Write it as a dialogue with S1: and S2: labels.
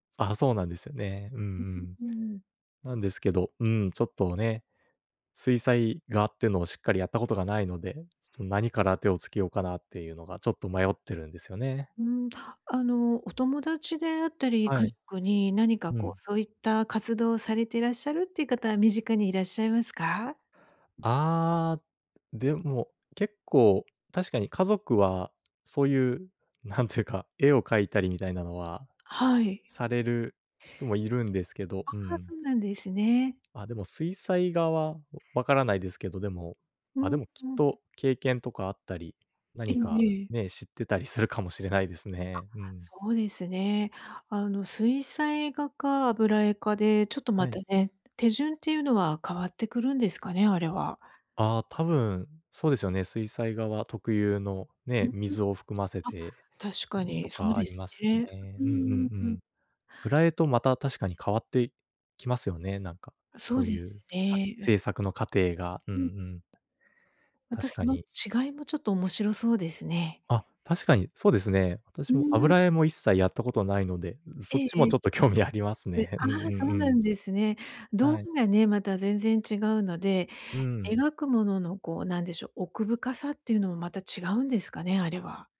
S1: ああ、そうなんですよね、うんう
S2: うう、
S1: ん。
S2: うーん。
S1: 何ですけど、うん、ちょっとね、水彩画って言うのを、しっかりやった事がないので、ちょっと、何から手を付けようかなって言うのが、ちょっと迷ってるんですよね。
S2: うーん、あの、お友達であったり、
S1: は
S2: 家
S1: い。
S2: 族に、何か
S1: う
S2: こ
S1: ん。
S2: う、そう言った活動をされていらっしゃるって言う方は、身近にいらっしゃいますか？
S1: ああ、でも、結構確かに、家族はそう言う、何て言うか、絵を描いたりみたいなのは、
S2: はい。
S1: される人も居るんですけど、
S2: あ
S1: うー
S2: あ、
S1: ん。
S2: そうなんですね。
S1: あ、でも水彩画は分らないですけど。でも、
S2: う
S1: あ、で
S2: ん
S1: も、きっ
S2: うん。
S1: と経験とかあったり、
S2: え
S1: 何
S2: え
S1: か
S2: ええ。
S1: ね、知ってたりするかもしれないです
S2: あ、
S1: ね、うーん。
S2: そうですね、あの、水彩画か、油絵かで、ちょっと
S1: は
S2: ま
S1: い。
S2: たね、手順って言うのは変わってくるんですかね？あれは。
S1: ああ、多分、そうですよね、水彩画は、特有の、
S2: うー
S1: ね、
S2: ん、
S1: 水を含ませ
S2: あ、
S1: て、
S2: 確か
S1: と
S2: にそう
S1: かあ
S2: で
S1: り
S2: す
S1: ますよ
S2: ね、
S1: ね。
S2: うー
S1: うんうんう
S2: ん。
S1: ん、油絵と、また確かに変わって来ますよね、何か、
S2: そ
S1: そ
S2: う
S1: う
S2: で
S1: 言
S2: す
S1: う、さ制
S2: ね。
S1: 作の過程が、うん
S2: うん。
S1: うん。
S2: また、
S1: 確
S2: そ
S1: か
S2: の
S1: に。
S2: 違いもちょっと、面白そうですね。
S1: あ、確かに、そうですね、
S2: う
S1: 私
S2: ー
S1: も、
S2: ん。
S1: 油絵も一切やった事ないので、そ
S2: え
S1: っ
S2: え
S1: ちも
S2: ええ。
S1: ちょっと、興味あります
S2: で、
S1: ね、う
S2: あ
S1: ん
S2: あ、
S1: うん
S2: そう
S1: う
S2: な
S1: ん。
S2: んですね、道
S1: はい。
S2: 具がね、また全然違うので、
S1: うーん。
S2: 描く物の、こう何でしょう、奥深さって言うのも、また違うんですかね、あれは。